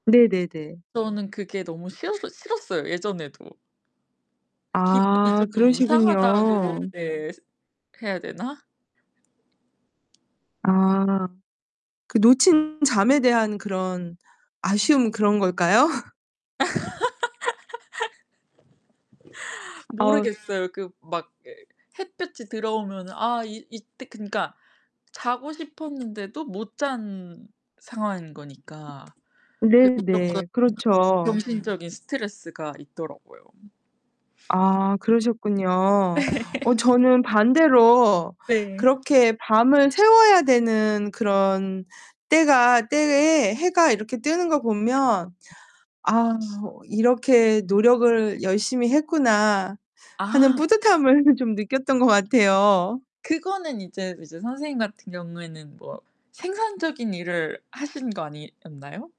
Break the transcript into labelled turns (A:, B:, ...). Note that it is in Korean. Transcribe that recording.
A: 네네네.
B: 저는 그게 너무 싫었어 싫었어요 예전에도. 기분이
A: 아
B: 쪼끔 이상하다고
A: 그러시군요.
B: 네. 해야 되나?
A: 아. 그 놓친 잠에 대한 그런 아쉬움 그런 걸까요? 아우.
B: 모르겠어요. 그 막 그 햇볕이 들어오면 아 이 이때 그니까 자고 싶었는데도 못 잔 상황인 거니까 그게
A: 네네. 그렇죠.
B: 무조건 정신적인 스트레스가 있더라고요.
A: 아 그러셨군요. 어 저는 반대로
B: 네.
A: 그렇게 밤을 새워야 되는 그런 때가 때에 해가 이렇게 뜨는 거 보면 '아 이렇게 노력을 열심히 했구나.' 하는
B: 아.
A: 뿌듯함을 좀 느꼈던 것 같아요.
B: 그거는 이제, 이제 선생님 같은 경우에는 뭐 생산적인 일을 하신 거 아니었나요?